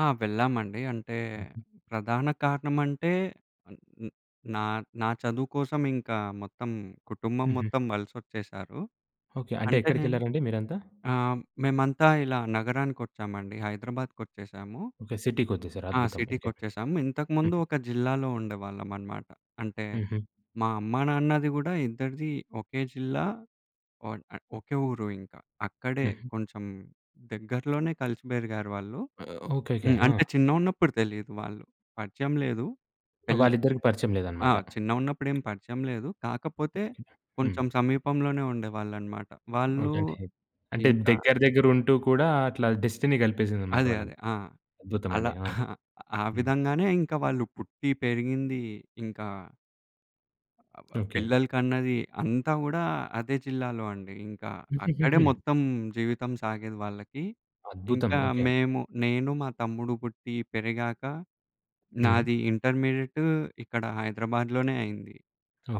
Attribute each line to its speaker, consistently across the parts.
Speaker 1: ఆ! వెళ్ళామండి. అంటే
Speaker 2: హుహు.
Speaker 1: ప్రధాన కారణం అంటే న్ నా, నా చదువు కోసం ఇంకా మొత్తం కుటుంబం
Speaker 2: హుహు.
Speaker 1: మొత్తం వలసొచ్చేసారు.
Speaker 2: ఓకే. అంటే
Speaker 1: అంటే నేను
Speaker 2: ఎక్కడికేళ్లారండి మీరంతా?
Speaker 1: ఆహ్, మేమంతా ఇలా నగరానికి ఒచ్చామండి హైదరాబాద్‌కొచ్చేసాము.
Speaker 2: ఓకే. సిటీకొచ్చేసారు.
Speaker 1: ఆ!
Speaker 2: అద్భుతం. ఓకే.
Speaker 1: సిటీకొచ్చేసాము. ఇంతకుముందు
Speaker 2: హ్మ్.
Speaker 1: ఒక జిల్లాలో ఉండేవాళ్ళం అన్నమాట. అంటే
Speaker 2: హుహు.
Speaker 1: మా అమ్మానాన్నది గూడా ఇద్దరిది ఒకే జిల్లా. ఒన్ ఆహ్, ఒకే ఊరు ఇంకా. అక్కడే
Speaker 2: హుహు.
Speaker 1: కొంచెం దగ్గరలోనే కలిసి బెరిగారు వాళ్ళు.
Speaker 2: ఓకేకే.
Speaker 1: హ్మ్. అంటే
Speaker 2: ఆ!
Speaker 1: చిన్నగున్నప్పుడు తెలీదు వాళ్ళు. పరిచయం లేదు. పెల్
Speaker 2: వాళ్ళిద్దరికీ పరిచయం
Speaker 1: ఆ!
Speaker 2: లేదనమాట.
Speaker 1: చిన్నగున్నప్పుడేం పరిచయం లేదు. కాకపోతే
Speaker 2: ఓకే. హ్మ్.
Speaker 1: కొంచెం సమీపంలోనే ఉండేవాళ్ళనమాట. వాళ్ళు
Speaker 2: ఓకే. టే అంటే
Speaker 1: ఇంకా
Speaker 2: దగ్గర దగ్గరుంటూ కూడా అట్లా డెస్టినీ గలిపేసిందన్నమాట
Speaker 1: అదే.
Speaker 2: వాళ్ళని.
Speaker 1: అదే. ఆ! అలా
Speaker 2: అద్భుతమండి. ఆ!
Speaker 1: ఆ
Speaker 2: హ్మ్.
Speaker 1: విధంగానే ఇంక వాళ్ళు పుట్టి, పెరిగింది, ఇంక అబ్‌బ్
Speaker 2: ఓకే.
Speaker 1: పిల్లలకన్నది, అంతా గూడా అదే జిల్లాలో అండి. ఇంకా అక్కడే
Speaker 2: హుహుహుహు.
Speaker 1: మొత్తం జీవితం సాగేది వాళ్ళకి.
Speaker 2: అద్భుతం.
Speaker 1: ఇంకా
Speaker 2: ఓకే.
Speaker 1: మేము నేను, మా తమ్ముడు పుట్టి, పెరిగాక
Speaker 2: హుహు.
Speaker 1: నాది ఇంటర్మీడియట్ ఇక్కడ హైదరాబాద్లోనే అయింది.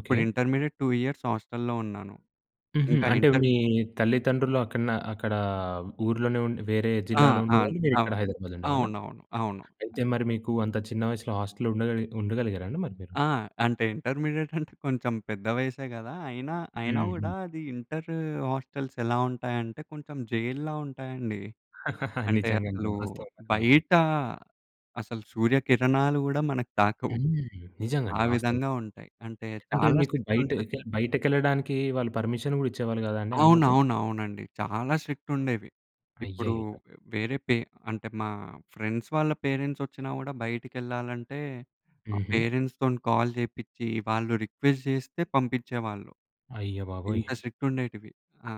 Speaker 1: అప్పుడు ఇంటర్మీడియేట్ 2 ఇయర్స్ హాస్టల్‌‌లో ఉన్నాను.
Speaker 2: హుహు.
Speaker 1: ఇంకా
Speaker 2: అంటే
Speaker 1: ఇంటర్
Speaker 2: మీ తల్లిదండ్రులక్కడ నా అక్కడ ఊర్లోనే ఉండి వేరే
Speaker 1: ఆ!
Speaker 2: జిల్లాలో
Speaker 1: ఆన్
Speaker 2: ఉండేవాళ్ళు.
Speaker 1: అవ
Speaker 2: మీరిక్కడ హైదరాబాద్‌‌లో ఉండేవాళ్ళా?
Speaker 1: అవునవును. అవును.
Speaker 2: అయితే మరి మీకు అంత చిన్న వయసులో హాస్టల్ ఉండగలిగి ఉండగలిగారా అండి మరి మీరు?
Speaker 1: ఆ! అంటే ఇంటర్మీడియేట్ అంటే కొంచెం పెద్ద వయసే గదా! అయినా, అయినా గూడా
Speaker 2: హుహు.
Speaker 1: అది ఇంటర్ హాస్టెల్స్ ఎలా ఉంటాయంటే కొంచెం జైల్లా ఉంటాయండి. అంటే
Speaker 2: నిజంగండి.
Speaker 1: అసలు
Speaker 2: వాస్తవం. అది మాత్రం.
Speaker 1: బయట అసలు సూర్యకిరణాలు గూడా మనకు తాకవు.
Speaker 2: హ్మ్.
Speaker 1: ఆ
Speaker 2: నిజంగండి. వాస్తవం.
Speaker 1: విధంగా ఉంటాయి. అంటే
Speaker 2: అంటే
Speaker 1: చాలా
Speaker 2: మీకు
Speaker 1: స్ట్రిక్ట్
Speaker 2: బయట కె
Speaker 1: ఉంటది.
Speaker 2: బయటకేళ్ళడానికి వాళ్ళు పర్మిషన్ గూడా ఇచ్చేవాళ్ళు గాదా అండీ అనుమతి?
Speaker 1: అవునవును. అవునండి. చాలా స్ట్రిక్ట్ ఉండేవి. ఇప్పుడు
Speaker 2: అయ్యయ్యో!
Speaker 1: వేరే పే అంటే మా ఫ్రెండ్స్ వాళ్ళ పేరెంట్స్ ఒచ్చినా గూడా బయటికేళ్ళాలంటే మా
Speaker 2: హుహు.
Speaker 1: పేరెంట్స్‌తోని కాల్ జేపిచ్చి వాళ్ళు రిక్వెస్ట్ జేస్తే పంపిచ్చేవాళ్ళు.
Speaker 2: అయ్యబాబోయ్!
Speaker 1: ఇంత స్ట్రిక్ట్ ఉండేటివి. ఆ!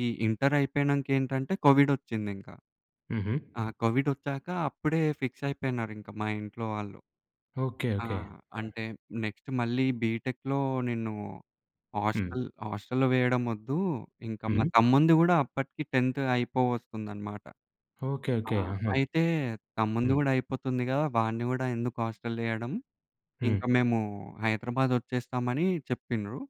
Speaker 1: ఈ ఇంటర్ అయిపోయినంక ఏంటంటే కోవిడొచ్చింది ఇంకా.
Speaker 2: హుహు.
Speaker 1: ఆ! కోవిడొచ్చాక అప్పుడే ఫిక్స్ అయిపోయినారింకా మా ఇంట్లో వాళ్ళు.
Speaker 2: ఓకే. ఓకే.
Speaker 1: ఆహ్,
Speaker 2: హ్మ్.
Speaker 1: అంటే నెక్స్ట్ మళ్ళీ బిటెక్‌లో నిన్ను
Speaker 2: హ్మ్.
Speaker 1: హాస్టల్ హాస్టల్‌లో వేయడం ఒద్దు. ఇంకా మా
Speaker 2: హుహు.
Speaker 1: తమ్ముంది గూడా అప్పటికి 10త్ అయిపోవొస్తుందన్నమాట.
Speaker 2: ఓకే.
Speaker 1: ఆ!
Speaker 2: ఓకే. ఆహా!
Speaker 1: అయితే తమ్ముంది
Speaker 2: హ్మ్.
Speaker 1: గూడా అయిపోతుంది గదా! వాడిని గూడా ఎందుకు హాస్టలేయడం
Speaker 2: హ్మ్.
Speaker 1: ఇంకా మేము హైదరాబాద్ ఒచ్చేస్తామని చెప్పిండ్రు.